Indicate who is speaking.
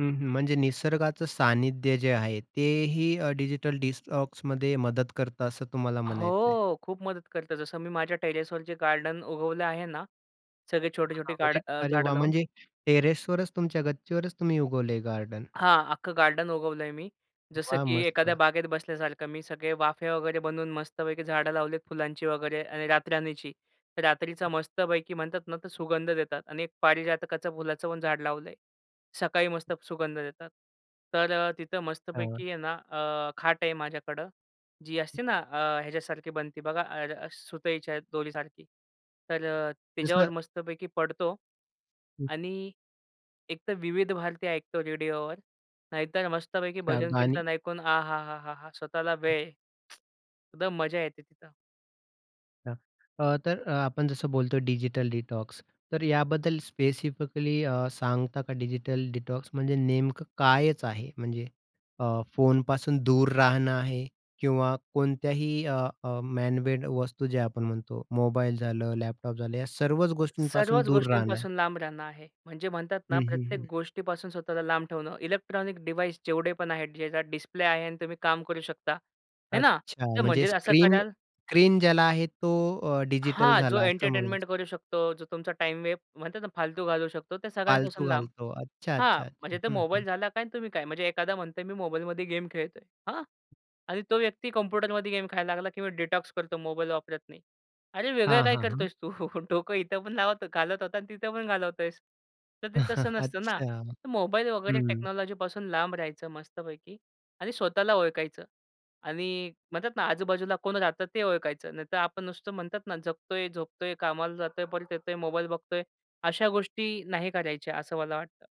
Speaker 1: हं, हं. म्हणजे निसर्गाचं सानिध्य जे आहे, ते ही अ, डिजिटल डिटॉक्समध्ये मदत करतं असं तुम्हाला म्हणायचं आहे.
Speaker 2: हो, खूप मदत करतात. जसं मी माझ्या टेरेसवर जे गार्डन उगवले आहे ना, सगळे छोटे छोटे
Speaker 1: हां,
Speaker 2: गाड
Speaker 1: म्हणजे.
Speaker 2: अ,
Speaker 1: अरे
Speaker 2: झाडं
Speaker 1: वाह!
Speaker 2: लावून.
Speaker 1: म्हणजे टेरेसवरच, तुमच्या गच्चीवरच तुम्ही उगवलय गार्डन.
Speaker 2: हां, अख्ख गार्डन उगवलंय मी. जसं
Speaker 1: वाह!
Speaker 2: की एखाद्या
Speaker 1: मस्त.
Speaker 2: बागेत बसल्यासारखं मी सगळे वाफे वगैरे बनवून मस्तपैकी झाडं लावलीत फुलांची वगैरे आणि रातराणीची. तर रात्रीचा मस्तपैकी म्हणतात ना, तर सुगंध देतात आणि एक पारिजातकाचं फुलाचं पण झाड लावलंय. सकाळी मस्त सुगंध देतात. तर अ, तिथं
Speaker 1: हां.
Speaker 2: मस्तपैकी आहे ना, अ, खाट आहे माझ्याकडं जी असते ना, अ, ह्याच्यासारखी बनती बघा अर अ, सुतईच्या दोरीसारखी. तर अ, तिच्यावर
Speaker 1: जसं,
Speaker 2: मस्तपैकी पडतो
Speaker 1: हं.
Speaker 2: आणि एकतर विविध भारती ऐकतो रेडिओवर, नाहीतर मस्तपैकी
Speaker 1: हां,
Speaker 2: भजन
Speaker 1: गाणी.
Speaker 2: कीर्तन ऐकून आहा हां हां स्वतःला वेळ. एकदम मजा येते तिथं.
Speaker 1: अच्छा अ, तर अ, आपण जसं बोलतो डिजिटल डिटॉक्स तर याबद्दल स्पेसिफिकली अ, सांगता का डिजिटल डिटॉक्स म्हणजे नेमकं कायच आहे, म्हणजे अ, फोनपासून दूर राहणं आहे किंवा कोणत्याही अ, अ, मॅन मेड वस्तू ज्या आपण म्हणतो मोबाईल झालं, लॅपटॉप झालं या सर्वच गोष्टींपासून
Speaker 2: सर्वच
Speaker 1: दूर राहणं आहे.
Speaker 2: गोष्टींपासून लांब राहणं आहे. म्हणजे म्हणतात ना,
Speaker 1: हं, हं,
Speaker 2: प्रत्येक
Speaker 1: हं.
Speaker 2: गोष्टीपासून स्वतःला लांब ठेवणं. इलेक्ट्रॉनिक डिव्हाइस जेवढे पण आहेत, ज्याचा डिस्प्ले आहे आणि तुम्ही काम करू शकता आहे ना,
Speaker 1: अच्छा.
Speaker 2: तर
Speaker 1: म्हणजे
Speaker 2: म्हणजे असं
Speaker 1: स्क्रीन
Speaker 2: कराल
Speaker 1: स्क्रीन ज्याला आहे तो अ, डिजिटल
Speaker 2: हां. जो
Speaker 1: झाला असं म्हणायचं.
Speaker 2: एंटरटेनमेंट करू शकतो, जो तुमचा टाईम वे म्हणतात ना, फालतू घालवू शकतो. त्या
Speaker 1: फालतू
Speaker 2: सगळ्यांपासून लांब.
Speaker 1: घालतो. अच्छा
Speaker 2: हां,
Speaker 1: अच्छा,
Speaker 2: म्हणजे
Speaker 1: अच्छा.
Speaker 2: ते
Speaker 1: हं,
Speaker 2: मोबाईल
Speaker 1: हं.
Speaker 2: झाला काय आणि तुम्ही काय, म्हणजे एखादा म्हणतोय मी मोबाईलमध्ये गेम खेळतोय. हां आणि तो व्यक्ती कॉम्प्युटरमध्ये गेम खेळायला लागला किंवा डिटॉक्स करतो मोबाईल वापरत नाही. अरे, वेगळं
Speaker 1: हां,
Speaker 2: काय
Speaker 1: हां, हां.
Speaker 2: करतोयस तू? डोकं इथं पण लावत घालत होता आणि तिथं पण घालवतोयेस. तर ते तसं नसतं ना.
Speaker 1: अच्छा.
Speaker 2: तर मोबाईल वगैरे
Speaker 1: हं.
Speaker 2: टेक्नॉलॉजीपासून लांब राहायचं मस्तपैकी आणि स्वतःला ओळखायचं आणि म्हणतात ना, आजूबाजूला कोण राहतं ते ओळखायचं, नाहीतर आपण नुसतं म्हणतात ना, जगतोय, झोपतोय, कामाला जातोय, परत येतोय, मोबाईल बघतोय. अशा गोष्टी नाही करायच्या असं मला वाटतं.